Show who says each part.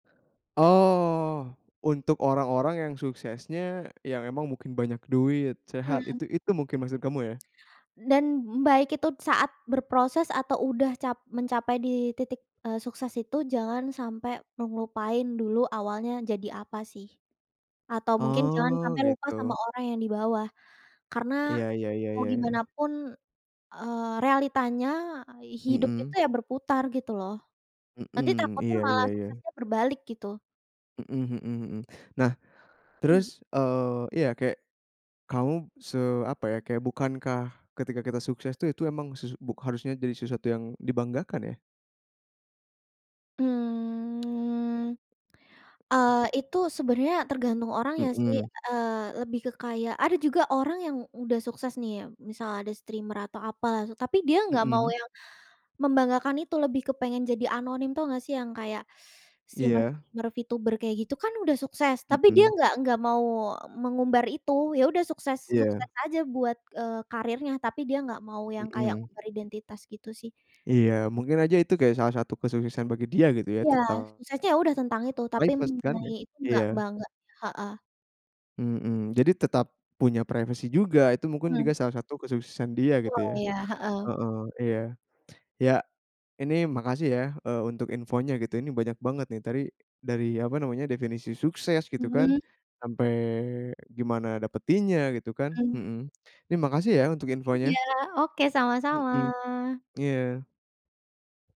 Speaker 1: Oh, untuk orang-orang yang suksesnya yang emang mungkin banyak duit, sehat
Speaker 2: Hmm.
Speaker 1: itu itu mungkin maksud kamu ya?
Speaker 2: Dan baik itu saat berproses atau udah cap mencapai di titik, eee, sukses itu jangan sampai ngelupain dulu awalnya jadi apa sih atau mungkin jangan
Speaker 1: Oh
Speaker 2: sampai lupa sama
Speaker 1: gitu.
Speaker 2: orang yang di bawah, karena
Speaker 1: Iya iya iya
Speaker 2: mau
Speaker 1: iya,
Speaker 2: gimana
Speaker 1: ya.
Speaker 2: pun, eee, realitanya ai hidup itu
Speaker 1: Mhm.
Speaker 2: ya berputar gitu loh. Nanti
Speaker 1: Mhm,
Speaker 2: takutnya
Speaker 1: iya iya
Speaker 2: malah
Speaker 1: iya.
Speaker 2: suksesnya berbalik gitu.
Speaker 1: Mhm mhm mhm. Nah,
Speaker 2: Mmm.
Speaker 1: terus, eee, iya, kayak kamu se apa ya, kayak bukankah ketika kita sukses tuh itu emang susu buk harusnya jadi sesuatu yang dibanggakan ya?
Speaker 2: Mmm, eee, itu sebenarnya tergantung orangnya sih,
Speaker 1: Mhm.
Speaker 2: eee, lebih ke kayak ada juga orang yang udah sukses nih ya, misal ada streamer atau apalah, tapi dia enggak mau
Speaker 1: Mhm.
Speaker 2: yang membanggakan itu, lebih kepengen jadi anonim. Tahu enggak sih yang kayak
Speaker 1: Iya.
Speaker 2: streamer-streamer VTuber kayak gitu kan udah sukses, tapi dia
Speaker 1: Mhm.
Speaker 2: enggak enggak mau mengumbar itu. Iya udah sukses
Speaker 1: Iya.
Speaker 2: sukses aja buat, eee, karirnya, tapi dia enggak mau yang kayak
Speaker 1: Mhm.
Speaker 2: beridentitas gitu sih.
Speaker 1: Iya. Mungkin aja itu kayak salah satu kesuksesan bagi dia gitu ya
Speaker 2: Iya,
Speaker 1: tetap
Speaker 2: suksesnya ya udah tentang itu, tapi
Speaker 1: [unintelligible] privacy kan
Speaker 2: mengenai
Speaker 1: ya?
Speaker 2: itu enggak
Speaker 1: Iya.
Speaker 2: bangga, heeh.
Speaker 1: Mhm. Jadi tetap punya privacy juga. Itu mungkin juga
Speaker 2: Mmm.
Speaker 1: salah satu kesuksesan dia gitu
Speaker 2: Betul,
Speaker 1: ya,
Speaker 2: iya, heeh.
Speaker 1: heeh, iya. Iya ini makasih yah, eee, untuk infonya gitu. Ini banyak banget nih tadi, dari apa namanya, definisi sukses gitu kan,
Speaker 2: Mhm.
Speaker 1: sampai gimana dapetinnya gitu kan,
Speaker 2: Mhm.
Speaker 1: mhm, ini makasih ya untuk
Speaker 2: Iya.
Speaker 1: infonya.
Speaker 2: Oke, sama-sama.
Speaker 1: Mhm, iya.